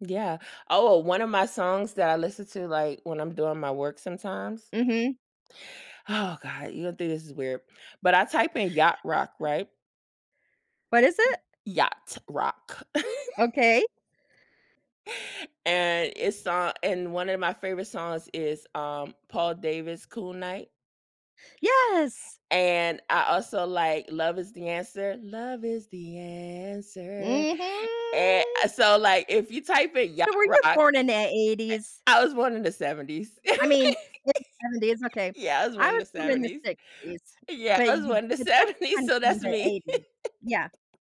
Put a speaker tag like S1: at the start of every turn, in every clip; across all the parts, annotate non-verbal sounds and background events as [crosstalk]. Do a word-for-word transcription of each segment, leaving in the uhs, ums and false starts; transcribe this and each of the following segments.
S1: Yeah. Oh, o one of my songs that I listen to, like, when I'm doing my work sometimes.
S2: Mhm.
S1: Oh god. You gonna think this is weird, but I type in Yacht Rock,
S2: [chuckles]
S1: right?
S2: What is it?
S1: Yacht rock. [chuckles]
S2: Okay.
S1: And it's uh and one of my favorite songs is, um, Paul Davis Cool Night.
S2: Yes.
S1: And I also like Love Is the Answer. Love is the Answer. And,
S2: Mhm.
S1: uh, so, like, if you type in Yacht
S2: So were
S1: Rock
S2: you
S1: eh
S2: born in the eighties?
S1: I was born in the seventies.
S2: I mean,
S1: [chuckles]
S2: in the seventies. Okay.
S1: Yeah, I was
S2: I
S1: born in
S2: was
S1: the
S2: born in the
S1: seventies.
S2: sixties,
S1: Yeah,
S2: but
S1: I was
S2: you
S1: born in the
S2: but that's
S1: seventies,
S2: kinda
S1: so
S2: from
S1: that's
S2: the
S1: me.
S2: eighties. Yeah.
S1: [chuckles]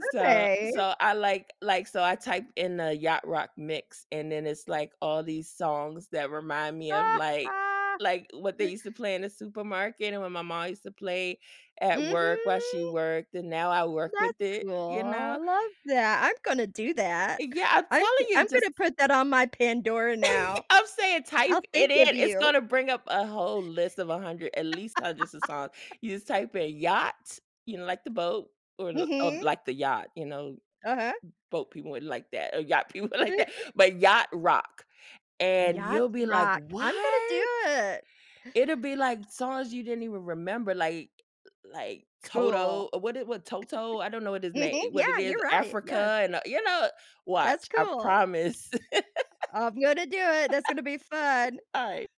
S1: So
S2: Okay.
S1: so I like like, so I typed in the yacht rock mix, and then it's like all these songs that remind me of, like
S2: [chuckles]
S1: like, what they used to play in the supermarket and when my ma used to play at work while she
S2: Mhm.
S1: worked, and now I work
S2: That's
S1: with it.
S2: cool.
S1: You
S2: I
S1: know?
S2: love that. I'm gonna do that.
S1: Yeah. I'm
S2: I'm
S1: telling you
S2: I'm gonna
S1: just
S2: put that on my Pandora now.
S1: [laughs] I'm saying
S2: I'll
S1: type it
S2: think of
S1: in. It's
S2: you.
S1: gonna bring up a whole list of a hundred, at least hundreds of songs. You just
S2: [chuckles]
S1: type in Yacht, you know, like the boat or l of
S2: Mhm.
S1: like the yacht, you know?
S2: Uh-huh.
S1: Boat people wouldn't like that or yacht people wouldn't
S2: Mm.
S1: like that, but Yacht Rock. And
S2: Yacht
S1: you'll be like,
S2: rock. I'm gonna do
S1: "What?"
S2: it.
S1: It'll be like songs you didn't even remember, like like Toto.
S2: Cool.
S1: What is what toto? I don't know what his
S2: [chuckles]
S1: name
S2: Mhm.
S1: what
S2: Yeah.
S1: it is
S2: You're right. Yes.
S1: Africa and, uh, you know,
S2: That's
S1: watch. I
S2: cool.
S1: promise.
S2: I'm gonna do it. That's gonna be
S1: [chuckles]
S2: fun. [chuckles]
S1: Alright.